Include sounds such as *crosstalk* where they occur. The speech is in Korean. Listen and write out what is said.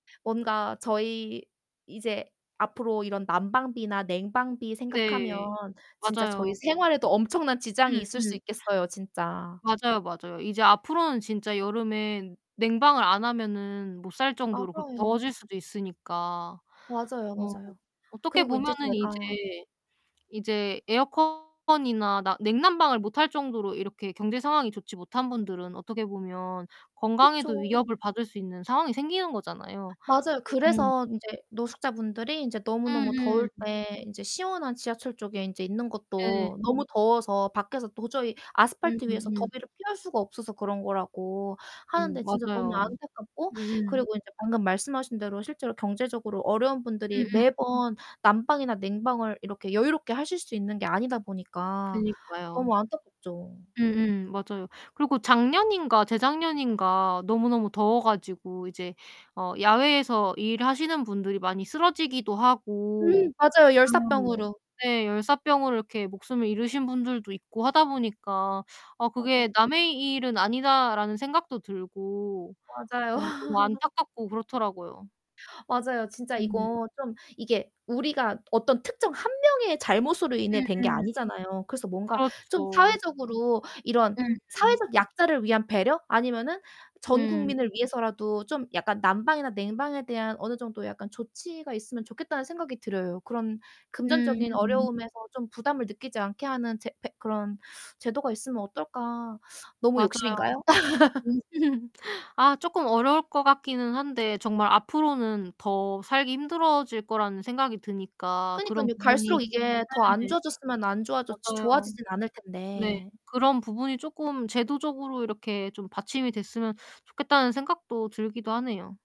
뭔가 저희 이제 앞으로 이런 난방비나 냉방비 생각하면 네. 진짜 저희 맞아요. 생활에도 엄청난 지장이 있을 음음. 수 있겠어요 진짜. 맞아요, 맞아요. 이제 앞으로는 진짜 여름에 냉방을 안 하면은 못 살 정도로 그렇게 맞아요. 더워질 수도 있으니까. 맞아요, 뭐 맞아요. 어떻게 그리고 인제 보면은 제가 이제 이제 에어컨이나 나 냉난방을 못 할 정도로 이렇게 경제 상황이 좋지 못한 분들은 어떻게 보면 건강에도 그쵸. 위협을 받을 수 있는 상황이 생기는 거잖아요. 맞아요. 예 음. 그래서 인제 노숙자 분들이 인제 너무너무 음음. 더울 때 인제 시원한 지하철 쪽에 인제 있는 예. 것도 너무 더워서 밖에서 도저히 음 아스팔트 위에서 음 음. 더위를 피할 수가 없어서 그런 거라고 음 하는데 진짜 너무 맞아요. 안타깝고 으음. 그리고 인제 방금 말씀하신 대로 실제로 경제적으로 어려운 분들이 음음. 매번 난방이나 냉방을 이렇게 여유롭게 하실 수 있는 게 아니다 보니까 저 그니까요. 너무 안타깝죠. 음음 맞아요. 그리고 작년인가 재작년인가 너무너무 더워 가지고 이제 어 야외에서 일하시는 분들이 많이 쓰러지기도 음 하고 맞아요. 네 열사병으로. 네 열사병으로 이렇게 목숨을 잃으신 분들도 있고 하다 보니까 '아 맞아. 그게 남의 일은 아니다.'라는 생각도 들고 맞아요. 어 너무 *laughs* 안타깝고 그렇더라고요. 맞아요. 진짜 음. 이거 좀 이게 우리가 어떤 특정 1 명의 잘못으로 인해 된 게 음음. 아니잖아요. 그래서 뭔가 좀 그렇죠. 사회적으로 이런 음음. 사회적 약자를 위한 배려 아니면은 전 음. 국민을 위해서라도 좀 약간 난방이나 냉방에 대한 어느 정도 약간 조치가 있으면 좋겠다는 생각이 들어요. 그런 음 금전적인 음. 어려움에서 좀 부담을 느끼지 않게 하는 제 패 그런 제도가 있으면 어떨까? 너무 맞아요. 욕심인가요? *laughs* *laughs* 아 쪼끔 어려울 것 같기는 한데 정말 앞으로는 더 살기 힘들어질 거라는 생각이 드니까 그런 그니깐요. 갈수록 부분이 이게 더 안 네. 좋아졌으면 안 좋아졌지 맞아요. 좋아지진 않을 네. 텐데. 그런 부분이 쪼끔 제도적으로 이렇게 좀 받침이 됐으면 좋겠다는 생각도 들기도 하네요.